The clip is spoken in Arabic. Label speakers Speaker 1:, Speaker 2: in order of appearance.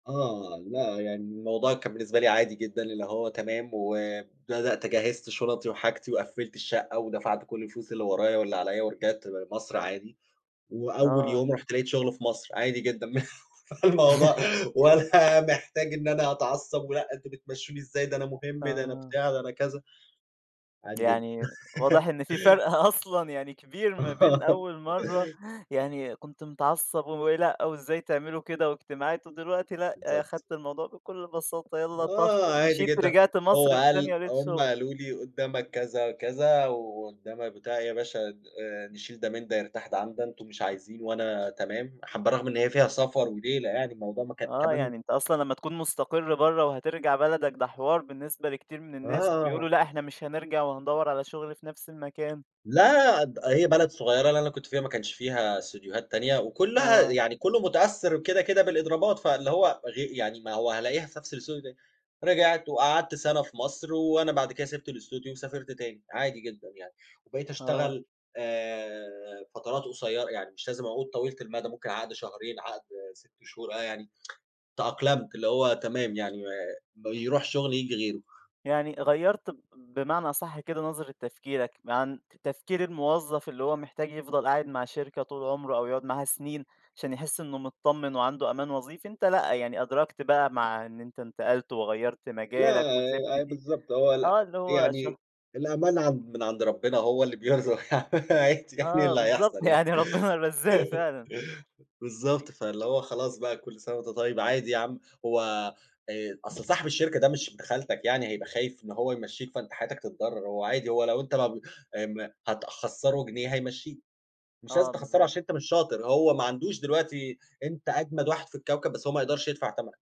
Speaker 1: آه. لأ، يعني الموضوع كان بالنسبة لي عادي جدًا، اللي هو تمام وبدأت جهّزت شُنَطي وحاجتي وقفِّلت الشقّة ودفعت كل الفلوس اللي ورايا واللي عليّا، ورجعت لمصر عادي وأول
Speaker 2: آه.
Speaker 1: يوم رُحت لقيت شغل في مصر، عادي جدًا مه فالموضوع ولا محتاج إن أنا أتعصّب ولأ أنتم بتمشّوني إزاي؟ ده أنا مهم، ده أنا
Speaker 2: آه.
Speaker 1: بتاع، ده أنا كذا، عادي جدًا.
Speaker 2: يعني واضح إن في فرق أصلًا يعني كبير ما بين
Speaker 1: آه.
Speaker 2: أول مرّة يعني كنت متعصّب و ولأ وإزاي تعملوا كده واجتماعات ودلوقتي، لأ،
Speaker 1: بالضبط.
Speaker 2: أخدت الموضوع بكل بساطة، يالّا طَخ
Speaker 1: آه عادي
Speaker 2: ومشيت
Speaker 1: جدًا.
Speaker 2: رجعت
Speaker 1: هو
Speaker 2: مصر في ثانية
Speaker 1: قال
Speaker 2: ولقيت
Speaker 1: هم
Speaker 2: شُغل.
Speaker 1: قالوا لي: "قُدّامك كذا، كذا وقُدّامك" "بتاع إيه، يا باشا د آآ، نشيل ده من ده، يرتاح ده عن ده، أنتم مش عايزين وأنا تمام." حابّة رَغم إن هي فيها سفر وليلة، يعني الموضوع ما كان
Speaker 2: آه.
Speaker 1: كمان
Speaker 2: يعني أنت أصلًا
Speaker 1: [unintelligible]
Speaker 2: لمّا تكون مُستقر برّه وهترجع بلدك ده حِوار بالنسبة لكتير من الناس،
Speaker 1: آه.
Speaker 2: وبيقولوا لأ إحنا مش هنرجع وهندوّر على شُغل في نفس المكان.
Speaker 1: لأ، د هي بلد صغيرة، اللي أنا كنت فيها ما كانش فيها استديوهات تانية وكُلّها
Speaker 2: آه.
Speaker 1: يعني كُلّه مُتأثِّر كده، كده بالإضرابات، فاللي هو غي يعني ما هو هالاقيها في نفس الاستوديو تاني. رجعت وقعدت سَنة في مصر وأنا بعد كده سِبت الاستوديو وسافرت تاني، عادي جدًا يعني. وبقيت
Speaker 2: أ آه.
Speaker 1: أشتغل، آآ فترات قصيرة يعني، مش لازم عقود طويلة المدى، ممكن عقد شهرين، عقد 6 شهور، آه، يعني تأقلمت، اللي هو تمام، يعني م يروح شغل ييجي غيره.
Speaker 2: يعني غيّرت ب بمعنى أصَح كده نظرة تفكيرك عن تفكير الموظّف اللي هو محتاج يفضل قاعد مع شركة طول عُمره أو يقعد معاها سِنين، عشان يحِس إنه مطمِّن وعنده أمان وظيفي، أنت لأ، يعني أدركت بقى مع إن أنت انتقلت وغيّرت مجالك وسِبت
Speaker 1: لا أ
Speaker 2: دي
Speaker 1: بالضبط. هو لأ،
Speaker 2: آه، اللي هو شه
Speaker 1: يعني الأمان عن من عند ربنا هو اللي بيرزق يعني، عادي يعني
Speaker 2: آه
Speaker 1: اللي
Speaker 2: بالضبط.
Speaker 1: هيحصل يعني.
Speaker 2: يعني ربّنا الرزّاق فعلًا. [unintelligible]
Speaker 1: بالضبط. فاللي هو خلاص بقى كل سَنة وأنت طيب، عادي يا عم، هو آآ أصل صاحب الشركة ده مش ابن خالتك يعني هيبقى خايف إن هو يمشّيك فأنت حياتك تتضرّر، هو عادي، هو لو أنت ما ب ام هتخسّره جنيه، هيمشّيك، مش
Speaker 2: آه،
Speaker 1: لازم تخسّره
Speaker 2: بالضبط.
Speaker 1: عشان أنت مش شاطر، هو ما عندوش دلوقتي أنت أجمد واحد في الكوكب، بس هو ما يقدرش يدفع تَمَنك.